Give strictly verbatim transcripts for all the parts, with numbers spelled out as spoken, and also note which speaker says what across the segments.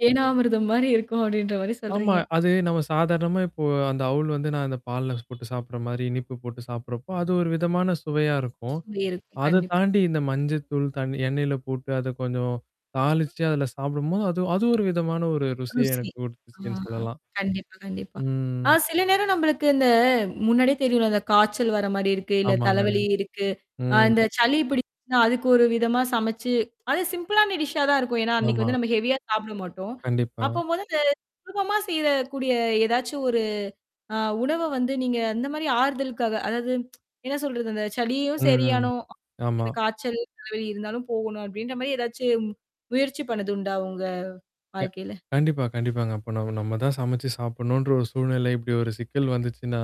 Speaker 1: தேனாமிரதம் மாரி இருக்கும். அப்டின்ற மாரி
Speaker 2: ஆமா.
Speaker 1: சொல்றீங்க.
Speaker 2: அது நம்ம சாதாரணமா இப்போ அந்த அவுல் வந்து நான் அந்த பால்ல போட்டு சாப்பிடுற மாரி, இனிப்பு போட்டு சாப்படுறப்போ, அது ஒரு விதமான சுவையா இருக்கும்.
Speaker 1: சுவை இருக்கும்.
Speaker 2: அத
Speaker 1: கண்டிப்பா.
Speaker 2: தாண்டி இந்த மஞ்சத்தூள், தண் எண்ணெய்ல போட்டு அத கொஞ்சம் தாளிச்சு அதில சாப்பிடும்போது, அது அது ஒரு விதமான ஒரு ருசிய
Speaker 1: ருசி.
Speaker 2: எனக்கு
Speaker 1: ஆ
Speaker 2: குடுத்துச்சுன்னு சொல்லலாம்.
Speaker 1: கண்டிப்பா, கண்டிப்பா.
Speaker 2: ம்.
Speaker 1: ஆ சில நேரம் நம்மளுக்கு இந்த முன்னாடியே தெரியும்ல. அந்த காய்ச்சல் வர மாரி இருக்கு. இல்ல
Speaker 2: ஆமாங்க.
Speaker 1: தலவலி இருக்கு. அ
Speaker 2: ம்.
Speaker 1: இந்த சலி பிடிச்சுச்னா அதுக்கு ஒரு விதமா சமைச்சு அது சிம்பிளான டிஷ்ஷா தான் இருக்கும். ஏன்னா, அன்னைக்கு
Speaker 2: ஆமா.
Speaker 1: வந்து நம்ம ஹெவியா சாப்பிட மாட்டோம். அப்போ
Speaker 2: கண்டிப்பா.
Speaker 1: மொதல சுலபமா செய்றக்கூடிய ஏதாச்சும் ஒரு ஆ உணவ வந்து நீங்க அந்த மாரி ஆறுதலுக்காக, அதாவது என்ன சொல்றது? அந்த சலியும்
Speaker 2: ம்.
Speaker 1: சரியானும்.
Speaker 2: ஆமா.
Speaker 1: இ காய்சல் தலைவலி இருந்தாலும் போகணும் அப்டின்ற மாரி ஏதாச்சும் முயற்சி பண்ணதுண்டா உங்க
Speaker 2: க
Speaker 1: வாழ்க்கையில.
Speaker 2: கண்டிப்பா, கண்டிப்பாங்க. அப்ப நம் நம்ம தான் சமைச்சு சாப்பிடணுன்ற ஒரு சூழ்நிலை இப்படி ஒரு சிக்கல் வந்துச்சுன்னா,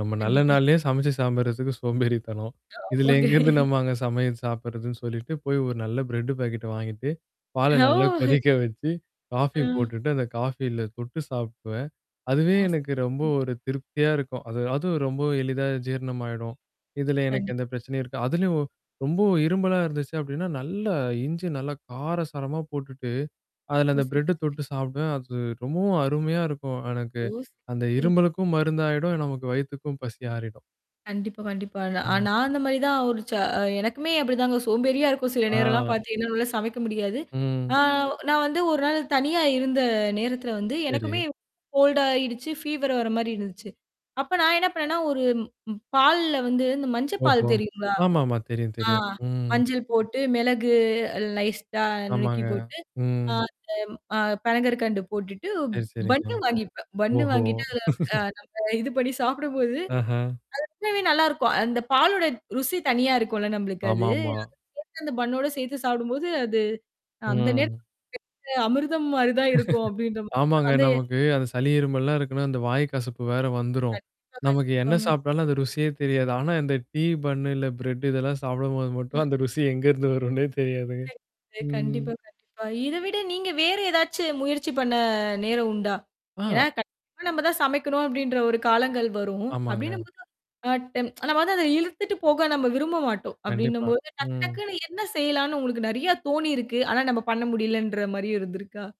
Speaker 2: நம்ம நல்ல
Speaker 1: கண்டிப்பா.
Speaker 2: நாள்லயே சமைச்சு சாம்பிடுறதுக்கு சோம்பேறி தனம். இதுல
Speaker 1: ஆமாங்க.
Speaker 2: எங்க இருந்து நம்மாங்க சமையல் சாப்படுறதுன்னு சொல்லிட்டு போய் ஒரு நல்ல பிரெட் பாக்கெட்ட வாங்கிட்டு. பாலை
Speaker 1: ஓ!
Speaker 2: நல்லா கொதிக்க வச்சு காஃபி
Speaker 1: ம்.
Speaker 2: போட்டுட்டு, அந்த காஃபில தொட்டு சாப்டுவேன். அதுவே
Speaker 1: ஆ ச
Speaker 2: எனக்கு ரொம்ப ஒரு திருப்தியா இருக்கும். அது அதுவும் ரொம்ப எளிதா ஜீரணமாயிடும். இதுல எனக்கு
Speaker 1: கண்டிப்பா.
Speaker 2: எந்த பிரச்சனையும் இருக்கா. அதுலயும் ரொம்ப இரும்பலா இருந்துச்சு அப்படின்னா, நல்ல இஞ்சு நல்லா கார சாரமா போட்டுட்டு, அதுல
Speaker 1: ஓ!
Speaker 2: அந்த
Speaker 1: சரி.
Speaker 2: பிரெட்ட தொட்டு சாப்பிடுவேன். அது ரொம்பவும் அருமையா இருக்கும் எனக்கு
Speaker 1: ஓ!
Speaker 2: அந்த
Speaker 1: சரிங்க.
Speaker 2: இரும்மலுக்கும் மருந்தாயிடும். நமக்கு வயித்துக்கும் பசி ஆறிடும்.
Speaker 1: கண்டிப்பா, கண்டிப்பா. நான்
Speaker 2: ம்.
Speaker 1: நான் அந்த மாரி தான் ஒரு ச அ எனக்குமே அப்படிதாங்க சோம்பேறியா இருக்கும். சில நேரம்லாம்
Speaker 2: ஆ.
Speaker 1: பாத்திங்கன்னா என்னால்ல சமைக்க முடியாது. ஆ
Speaker 2: ம்.
Speaker 1: நான் வந்து ஒரு நாள் தனியா இருந்த நேரத்தல வந்து எனக்குமே
Speaker 2: சரி.
Speaker 1: கோல்டா ஆயிடுச்சு. ஃபீவர் வர மாரி இருந்துச்சு. அப்ப நான் என்ன பண்ணேன்னா, ஒரு பால்ல வந்து இந்த மஞ்ச
Speaker 2: ஓஹோ!
Speaker 1: பால் தெரியுங்களா?
Speaker 2: ஆமாமா. தெரியும்,
Speaker 1: ஆ.
Speaker 2: தெரியும். ம்.
Speaker 1: மஞ்சள் போட்டு, மிளகு அ லைஸ்ட்டா நுணுக்கி
Speaker 2: ஆமாங்க.
Speaker 1: போட்டு. ஆ
Speaker 2: ம்.
Speaker 1: அந்த அ பனங்கர் கண்டு போட்டுட்டு
Speaker 2: சரி, சரிங்க.
Speaker 1: பன்னு வாங்கிப்பேன். பன்னு
Speaker 2: ஓஹோ!
Speaker 1: வாங்கிட்டு அதில அ நம்ம இது பண்ணி சாப்பிடும்போது,
Speaker 2: ஆஹ.
Speaker 1: அது ரொம்பவே நல்லாருக்கும். அந்த பாலோட ருசி தனியா இருக்கும்ல நம்மளுக்கு அது
Speaker 2: ஆமாமா.
Speaker 1: அத சேத்து அந்த பண்ணோட சேத்து சாப்பிடும்போது அது அந்த
Speaker 2: ம்.
Speaker 1: நேரத்துக்கு அமிர்தம் மாரி தான் இருக்கும் அப்டின்ற மாரி
Speaker 2: ஆமாங்க.
Speaker 1: அந்த
Speaker 2: நமக்கு, அந்த சளி இருமல்லாம் இருக்குன்னா, அந்த வாய் கசப்பு வேற வந்துரும்.
Speaker 1: கண்டிப்பா,
Speaker 2: நமக்கு என்ன
Speaker 1: கண்டிப்பாங்க.
Speaker 2: சாப்பிட்டாலும் அந்த ருசியே தெரியாது. ஆனா இந்த டீ பன்னு இல்ல பிரெட் இதெல்லாம் சாப்பிடும்போது மட்டும் அந்த ருசி எங்கேருந்து வரும்ன்னே தெரியாதுங்க. ம்.
Speaker 1: கண்டிப்பா, கண்டிப்பா. இத விட நீங்க வேறு ஏதாச்சு முயற்சி பண்ண நேரம் உண்டா?
Speaker 2: ஆ.
Speaker 1: ஏன்னா கண்டிப்பா நம்ம தான் சமைக்கணும் அப்டின்ற ஒரு காலங்கள் வரும்.
Speaker 2: ஆமாங்க.
Speaker 1: அப்டின்னும்பது [unintelligible] ஆட்டம். நம்ம வந்து அத இழுத்துட்டு போக நம்ம விரும்ப மாட்டோம்.
Speaker 2: கண்டிப்பா.
Speaker 1: அப்டின்னும்போது டக்கு
Speaker 2: ம்.
Speaker 1: டக்குன்னு என்ன செய்யலான்னு உங்களுக்கு நெறைய தோணியிருக்கு. ஆனா நம்ம பண்ண முடியலன்ற மாரியும் இருந்திருக்கா?